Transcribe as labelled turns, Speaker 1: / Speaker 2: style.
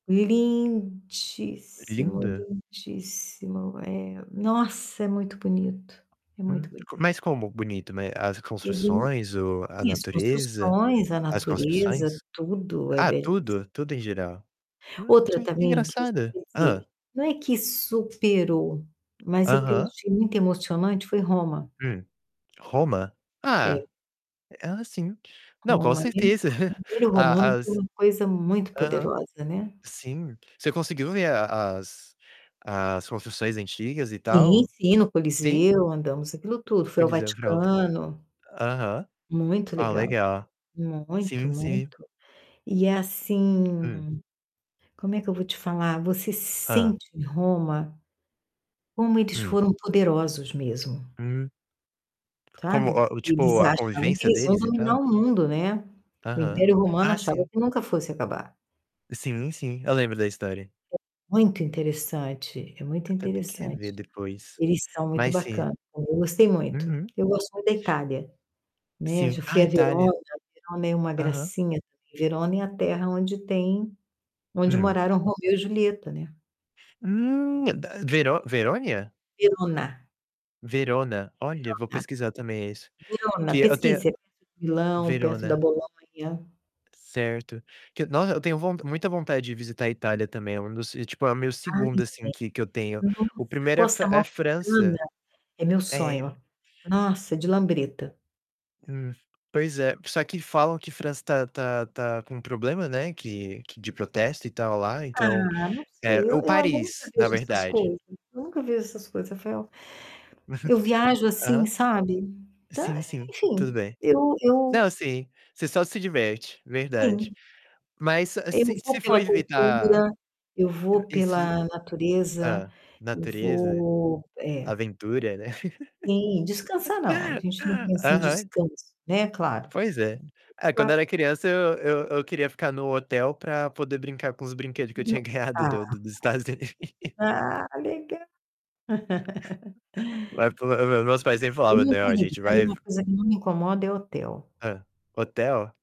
Speaker 1: Lindíssimo,
Speaker 2: Linda.
Speaker 1: lindíssimo. É nossa, é muito bonito. É
Speaker 2: Hum,
Speaker 1: muito
Speaker 2: mas
Speaker 1: bonito.
Speaker 2: como "bonito", né, as
Speaker 1: [unintelligible]
Speaker 2: construções, o a
Speaker 1: e as
Speaker 2: natureza
Speaker 1: construções, a
Speaker 2: as
Speaker 1: natureza,
Speaker 2: construções?
Speaker 1: tudo é
Speaker 2: Ah,
Speaker 1: belissimo
Speaker 2: tudo? Tudo, em geral. Hum,
Speaker 1: Outra,
Speaker 2: que que
Speaker 1: também que
Speaker 2: engraçado hã.
Speaker 1: [unintelligible] não é que superou, mas é que eu
Speaker 2: Aham.
Speaker 1: achei muito emocionante, foi Roma.
Speaker 2: Hum. Roma?
Speaker 1: É.
Speaker 2: Ah, ah, sim não, com
Speaker 1: Roma, [unintelligible]
Speaker 2: certeza.
Speaker 1: porque o império
Speaker 2: A
Speaker 1: romano foi
Speaker 2: as
Speaker 1: uma coisa muito
Speaker 2: aham.
Speaker 1: poderosa, né.
Speaker 2: Sim. Você conseguiu ver a as as construções antigas, e
Speaker 1: Sim,
Speaker 2: tal?
Speaker 1: sim, no
Speaker 2: Sim?
Speaker 1: Coliseu andamos aquilo tudo. Fui ao
Speaker 2: [unintelligible]
Speaker 1: Vaticano.
Speaker 2: Aham.
Speaker 1: Muito
Speaker 2: Ah,
Speaker 1: legal.
Speaker 2: legal.
Speaker 1: Muito,
Speaker 2: Sim, sim.
Speaker 1: muito. E
Speaker 2: Hum.
Speaker 1: assim como é que eu vou te falar? Você
Speaker 2: Hã.
Speaker 1: sente em Roma como eles
Speaker 2: Hum.
Speaker 1: foram poderosos mesmo.
Speaker 2: Hum. Como
Speaker 1: Sabe.
Speaker 2: a o
Speaker 1: Porque eles
Speaker 2: tipo, a
Speaker 1: achavam que
Speaker 2: convivência
Speaker 1: eles iam
Speaker 2: deles, e
Speaker 1: dominar
Speaker 2: tal?
Speaker 1: o mundo, né. O
Speaker 2: Aham.
Speaker 1: Império Romano
Speaker 2: Ah,
Speaker 1: achava
Speaker 2: sim.
Speaker 1: que nunca fosse acabar.
Speaker 2: Sim, sim, eu lembro da História.
Speaker 1: É muito interessante, é muito
Speaker 2: Até tenho que
Speaker 1: interessante.
Speaker 2: rever depois.
Speaker 1: Eles são muito
Speaker 2: Mas, sim.
Speaker 1: bacanas, [unintelligible] eu gostei muito.
Speaker 2: Uhum.
Speaker 1: Eu gosto muito da Itália. Né.
Speaker 2: Sim.
Speaker 1: Já fui
Speaker 2: Ah,
Speaker 1: a Verona,
Speaker 2: Itália.
Speaker 1: Verona é uma
Speaker 2: Aham.
Speaker 1: gracinha, também. Verona é a terra onde tem onde
Speaker 2: Hum.
Speaker 1: moraram Romeu e Julieta, né.
Speaker 2: Hum, da, Vero Verônia?
Speaker 1: Verona.
Speaker 2: Verona. Olha, vou
Speaker 1: Verona,
Speaker 2: pesquisar, também, isso.
Speaker 1: Verona
Speaker 2: Que até
Speaker 1: pesquisa, fica perto de Milão, perto da
Speaker 2: Verona.
Speaker 1: Bolonha.
Speaker 2: Certo. Que nossa, eu tenho von muita vontade de visitar a Itália, também, é um dos e, tipo, é o meu
Speaker 1: Ai
Speaker 2: 2º, assim,
Speaker 1: [unintelligible]
Speaker 2: que que eu tenho.
Speaker 1: nossa,
Speaker 2: O 1º é a
Speaker 1: Costa
Speaker 2: Fran é
Speaker 1: Amalfitana.
Speaker 2: França.
Speaker 1: É meu
Speaker 2: É.
Speaker 1: sonho. Nossa, de lambreta.
Speaker 2: Hum, pois é. Só que falam que França tá tá tá com problema, né. Que que de protesto e tal lá, então,
Speaker 1: Ah, não sei,
Speaker 2: eh
Speaker 1: eu
Speaker 2: ou
Speaker 1: eu, olha, eu nunca
Speaker 2: Paris, na
Speaker 1: vejo essas
Speaker 2: verdade.
Speaker 1: coisas, eu nunca vejo essas coisas,. [unintelligible] Eu viajo, assim,
Speaker 2: Aham.
Speaker 1: sabe tá,
Speaker 2: Sim, sim,
Speaker 1: enfim.
Speaker 2: tudo bem.
Speaker 1: Eu
Speaker 2: Não,
Speaker 1: eu
Speaker 2: sim. Você só se diverte, verdade.
Speaker 1: Sim.
Speaker 2: Mas só
Speaker 1: Eu
Speaker 2: se se
Speaker 1: vou
Speaker 2: for
Speaker 1: pela
Speaker 2: evitar,
Speaker 1: cultura. Eu vou
Speaker 2: e se
Speaker 1: pela natureza.
Speaker 2: hã.
Speaker 1: Eu
Speaker 2: Natureza,
Speaker 1: vou é.
Speaker 2: aventura, né.
Speaker 1: Sim, descansar, não. A gente não pensa em
Speaker 2: Aham.
Speaker 1: descanso, né, claro.
Speaker 2: Pois é. Ah, quando eu era
Speaker 1: [unintelligible]
Speaker 2: criança eu eu eu queria ficar no hotel pra poder brincar com os brinquedo que eu
Speaker 1: Não
Speaker 2: tinha ganhado
Speaker 1: ah
Speaker 2: do do do Estados Unidos.
Speaker 1: ah, legal!
Speaker 2: Ma ma mas meus pais sempre falavam: "Não, a gente
Speaker 1: Tá aí
Speaker 2: vai"
Speaker 1: uma coisa que não me [unintelligible] incomoda, é hotel.
Speaker 2: Hã. Hotel?